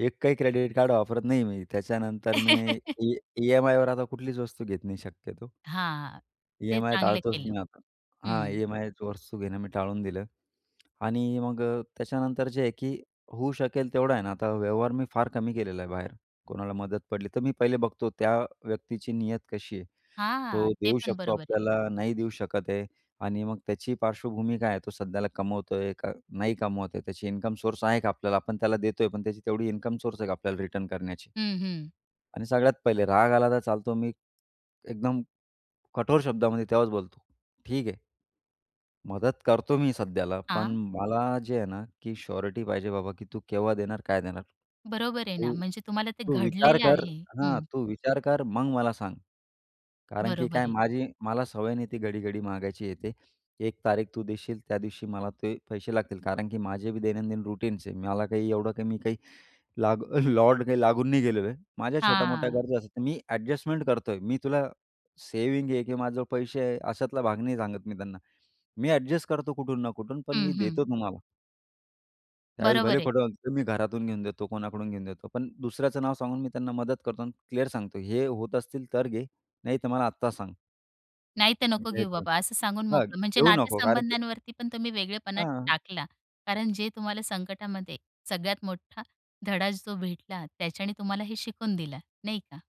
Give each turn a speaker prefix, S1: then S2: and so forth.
S1: एकही credit card वापरत नाही मी. त्याच्यानंतर मी ई ई-एम-आयवर आता कुठलीच वस्तू घेत नाही शक्यतो.
S2: हां, ते
S1: ई-एम-आय
S2: चांगलं
S1: टाळतोच
S2: केलं.
S1: मी आत हां.
S2: हं.
S1: ई-एम-आयच वस्तू घेणं मी टाळून दिलं आणि मग अ, त्याच्यानंतर जे आहे की होऊ शकेल तेवढं आहे ना आता व्यवहार मी फार कमी केलेला आहे बाहेर कोणाला मदत पडली, तर मी पहिले बघतो त्या व्यक्तीची नियत कशी आहे.
S2: हां,
S1: तो
S2: हां. ते
S1: देऊ
S2: पण
S1: शकतो
S2: बरोबर आहे.
S1: आपल्याला, नाही देऊ शकत आहे आणि मग त्याची पार्श्वभूमी काय आहे तो सध्याला कमवतोय का नाही कमवत आहे. त्याची इन्कम सोर्स आहे का आपल्याला आपण त्याला देतोय पण त्याची तेवढी इन्कम सोर्स आहे का आपल्याला रिटर्न करण्याची.
S2: हं, हं.
S1: आणि सगळ्यात पहिले राग आला तर चालतो मी एकदम कठोर शब्दामध्ये तेव्हाच बोलतो, "ठीक आहे" "मदत करतो मी सध्याला. पण
S2: हां.
S1: मला जे आहे ना, की शोरीटी पाहिजे बाबा, की तू केव्हा देणार, काय देणार?
S2: बरोबर आहे ना.
S1: तू
S2: म्हणजे तुम्हाला ते
S1: तू विचार
S2: घडलेलं
S1: कर"
S2: आहे.
S1: हां.
S2: हं.
S1: "तू विचार कर मग मला सांग. कारण की
S2: बरोबर
S1: काय
S2: आहे.
S1: माझी मला सवय नाही, ती घडी-घडी मागायची हे ते एक तारीख तू देशील त्या दिवशी मला ते पैसे लागतील, कारण की माझे बी दैनंदिन रुटीनचे आहे मला काही एवढं काही मी काही लागू लॉर्डने काही लागून नाही गेलेलो आहे माझ्या छोट्या-मोठ्या
S2: हां.
S1: गरजा असतात. मी ॲडजस्टमेंट करतोय मी तुला सेव्हिंग आहे की माझ्याजवळ पैसे आहे." अशातला भाग नाही सांगत मी त्यांना "मी ॲडजस्ट करतो कुठून ना कुठून पण
S2: हं,
S1: मी
S2: हं.
S1: देतो तुम्हाला." त्यावेळेस भले
S2: बरोबर आहे.
S1: खोटं बोलतो मी घरातून घेऊन देतो कोणाकडून घेऊन देतो पण दुसऱ्याचं नाव सांगून मी त्यांना मदत करतो आणि क्लिअर सांगतो "हे होत असतील तर घे नाहीतर मला आत्ता सांग."
S2: नाही तर, नको घेऊ
S1: द्यायचं.
S2: बाबा. असं सांगून
S1: हां,
S2: मोकळं. म्हणजे
S1: घेऊ नको. कारण की
S2: नातेसंबंधांवरती पण तुम्ही वेगळेपण
S1: हां.
S2: टाकला. कारण जे तुम्हाला संकटामध्ये सगळ्यात मोठा धडाच जो भेटला, त्याच्याने तुम्हाला हे शिकून दिलं, नाही का.